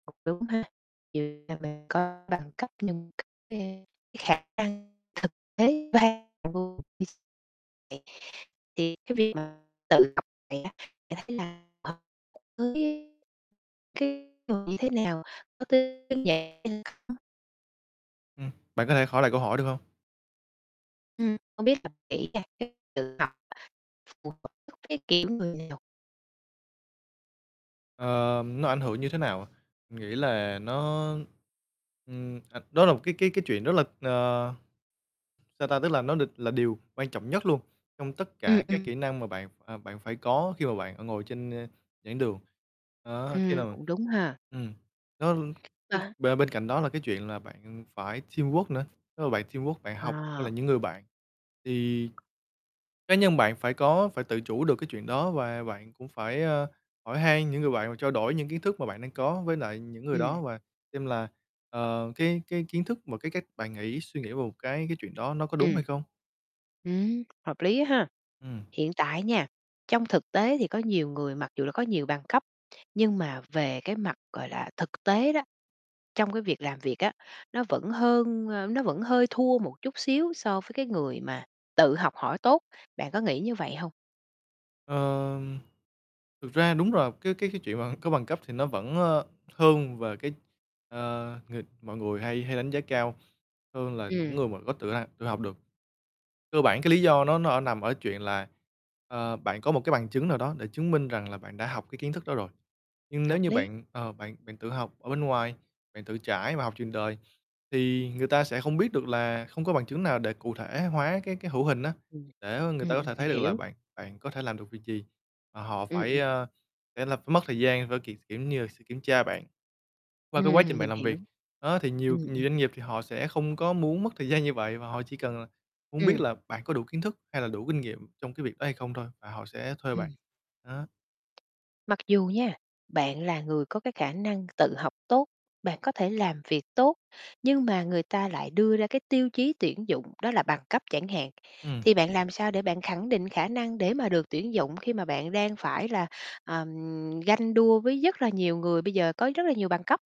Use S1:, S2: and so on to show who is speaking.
S1: Cũng đúng ha, kiểu như là mình có bằng cấp nhưng thực tế cái khả năng thực tế [unintelligible] thì cái việc mà tự học vậy á, bạn thấy là [unintelligible] cái người như thế nào? [unintelligible]
S2: Ừm. Bạn có thể hỏi lại câu hỏi được hông?
S1: Ừm, hông biết là [unintelligible] phù hợp với cái, kiểu, người Nhật.
S2: Ờ, nó ảnh hưởng như thế nào à? Nghĩ là nó ừm, à, đó là một cái cái cái chuyện rất là ờ, sao ta, tức là nó đ là điều quan trọng nhất luôn, trong tất
S1: Ừm,
S2: cả các
S1: ừm.
S2: kỹ năng mà bạn ph à, bạn phải có khi mà bạn, ờ, ngồi trên, ơ, giảng đường. Đó, khi
S1: Ừm,
S2: nào
S1: cũng đúng ha.
S2: ừm, nó
S1: À
S2: cái
S1: há.
S2: ba bên cạnh đó là cái chuyện là bạn phải teamwork nữa, nếu mà bạn teamwork, bạn học với lại
S1: À.
S2: những người bạn, thì cá nhân bạn phải có phải tự chủ được cái chuyện đó. Và bạn cũng phải, ơ, hỏi hay những người bạn, và trao đổi những kiến thức mà bạn đang có với lại những người đó,
S1: Ừm.
S2: và xem là, ờ, cái cái kiến thức và cái cách bạn nghĩ, suy nghĩ về một cái cái chuyện đó, nó có đúng
S1: Ừm.
S2: hay không.
S1: Ừm, hợp lý á ha.
S2: Ừm.
S1: Hiện tại nha, trong thực tế thì có nhiều người mặc dù là có nhiều bằng cấp, nhưng mà về cái mặt, gọi là, thực tế đó, trong cái việc làm việc á, nó vẫn hơn ơ, nó vẫn hơi thua một chút xíu so với cái người mà tự học hỏi tốt, bạn có nghĩ như vậy hông?
S2: Ờm, thực ra đúng rồi, cái cái cái chuyện mà có bằng cấp thì nó vẫn, ơ, hơn về cái, ờ, ng mọi người hay hay đánh giá cao hơn là những
S1: Ừm.
S2: người mà có tự [unintelligible] tự học được. Cơ bản cái lý do nó nó ở nằm ở chuyện là, ờ, bạn có một cái bằng chứng nào đó, để chứng minh rằng là bạn đã học cái kiến thức đó rồi. Nhưng nếu
S1: Hợp
S2: như
S1: lý.
S2: bạn, ờ, bạn bạn tự học ở bên ngoài, bạn tự trải và học trường đời, thì người ta sẽ không biết được là không có bằng chứng nào để cụ thể hóa cái cái hữu hình á,
S1: Ừm.
S2: để, ơ, người
S1: Ừm,
S2: ta
S1: ừm,
S2: có thể
S1: mình
S2: thấy được là
S1: hiểu.
S2: bạn bạn có thể làm được việc gì, mà họ
S1: Ừm,
S2: phải,
S1: ừm.
S2: ơ, phải là phải mất thời gian v kiểu kiểu như là, sự kiểm tra bạn qua
S1: Ừm,
S2: cái quá
S1: ừm,
S2: trình bạn
S1: mình
S2: làm
S1: hiểu.
S2: việc. Đó, thì nhiều
S1: Ừm,
S2: nhiều
S1: ừm.
S2: doanh nghiệp thì họ sẽ không có muốn mất thời gian như vậy, và họ chỉ cần là muốn biết
S1: Ừm.
S2: là bạn có đủ kiến thức hay là đủ kinh nghiệm trong cái việc đó hay không thôi, và họ sẽ thuê bạn,
S1: Ừm.
S2: đó.
S1: Mặc dù nha, bạn là người có cái khả năng tự học tốt, bạn có thể làm việc tốt, nhưng mà người ta lại đưa ra cái tiêu chí tuyển dụng đó là bằng cấp chẳng hạn,
S2: Ừm.
S1: thì bạn làm sao để bạn khẳng định khả năng để mà được tuyển dụng, khi mà bạn đang phải là, à, ganh đua với giấc là nhiều người bây giờ có rất là nhiều bằng cấp?